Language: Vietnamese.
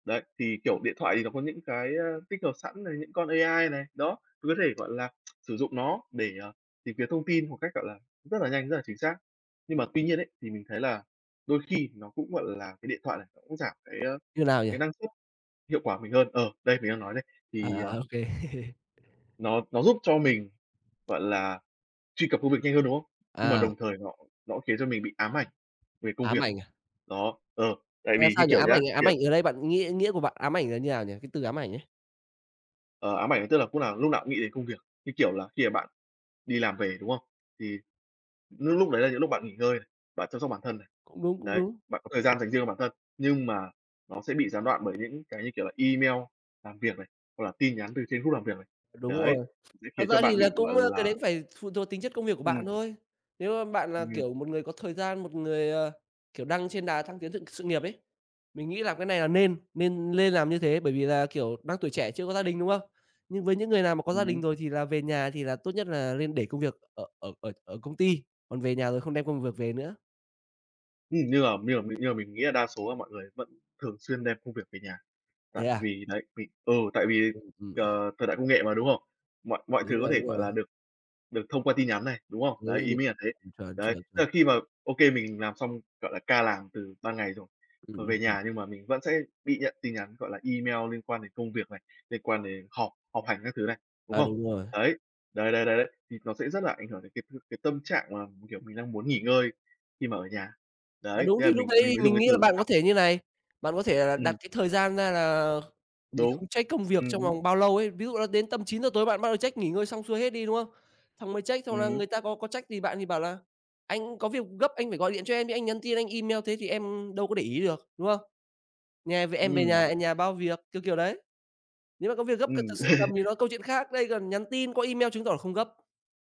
Đấy, thì, kiểu, điện thoại thì nó có những cái tích hợp sẵn này, những con AI này, đó, cũng có thể, gọi là, sử dụng nó để, ờ, tìm kiếm thông tin một cách, gọi là, rất là nhanh, rất là chính xác. Nhưng Ưm, mà tuy ừm. nhiên ấy, thì mình thấy là đôi khi nó cũng gọi là, cái điện thoại này nó cũng giảm cái, a, Như nào nhỉ? cái năng suất hiệu quả của mình hơn. Ờ, đây mình đang nói đây. À, Thì, ờ à, ô kê. Nó nó giúp cho mình, gọi là, truy cập công việc nhanh hơn, đúng không? Nhưng mà À. đồng thời nó nó khiến cho mình bị ám ảnh về công Ám việc. ảnh à? Đó, ờ, tại Ờ, vì như sao nhỉ? kiểu Ám nhá, ảnh ám kiểu ảnh ở đây bạn nghĩa nghĩa của bạn ám ảnh là như nào nhỉ, cái từ ám ảnh ấy? Ờ, ám ảnh tức là cúc nào lúc nào cũng nghĩ đến công việc, như, kiểu là, khi mà bạn đi làm về, đúng không? Thì lúc lúc đấy là những lúc bạn nghỉ ngơi, bạn chăm sóc bản thân này. Cũng đúng, cũng Đấy, đúng. bạn có thời gian dành riêng cho bản thân, nhưng mà nó sẽ bị gián đoạn bởi những cái, kiểu là, email làm việc này, hoặc là tin nhắn từ trên group làm việc này. Đúng Đấy, rồi, sẽ thật khiến ra cho thì bạn là bị, cũng gọi cái đấy là cũng phải phụ thuộc tính chất công việc của Ừm. bạn thôi. Nếu bạn là, Ừm. kiểu, một người có thời gian, một người, ờ, kiểu, đang trên đà thăng tiến sự- sự nghiệp ấy, mình nghĩ là cái này là nên, nên lên làm như thế, bởi vì là, kiểu, đang tuổi trẻ chưa có gia đình, đúng không? Nhưng với những người nào mà có gia đình Ừm. rồi thì là về nhà thì là tốt nhất là lên để công việc ở ở ở ở công ty, còn về nhà rồi không đem công việc về nữa. Ừm, nhưng mà nhưng mà nhưng mà mình nghĩ là đa số là mọi người vẫn thường xuyên đem công việc về nhà. Tại Thế à? vì đấy, mình ừ, tại vì, Ừm, ừm, à. ờ, thời đại công nghệ mà, đúng không? Mọi mọi thứ Đúng có rồi, thể, đúng gọi rồi. là, được được thông qua tin nhắn này, đúng không? Đấy, Đúng, ý đúng. mình là thế. À, Đấy, chuẩn, à. tức là khi mà ô kê mình làm xong, gọi là, ca làm từ 3 ngày rồi, Ừm, v ừm, về ừm. nhà nhưng mà mình vẫn sẽ bị nhận tin nhắn, gọi là, email liên quan đến công việc này, liên quan đến họp họp hành các thứ này, đúng À, không? đúng rồi. Đấy, đấy, đấy, đấy, đấy, thì nó sẽ rất là ảnh hưởng đến cái cái tâm trạng mà, kiểu, mình đang muốn nghỉ ngơi khi mà ở nhà. À, Đấy, đúng thế thì là lúc mình mình đấy mới dùng mình cái nghĩ là từ bạn có ám thể như thế này, bạn có thể là đặt Ừm. cái thời gian ra là mình Đúng, không check công việc ừm trong hứm. vòng bao lâu ấy. Ví dụ là đến tầm 9:00 tối bạn bắt đầu check nghỉ ngơi xong xuôi hết đi, đúng không? Xong mới check, xong là Ừm. người ta có có trách gì bạn thì bảo là "Anh có việc gấp anh phải gọi điện cho em chứ anh nhắn tin, anh email thế thì em đâu có để ý được", đúng không? "Nhà về em về Ừm. nhà nhà bao việc", kiểu kiểu đấy. Nếu mà có việc gấp cần thật Ừm. sự cầm thì nó câu chuyện khác, đây còn nhắn tin qua email chứng tỏ là không gấp.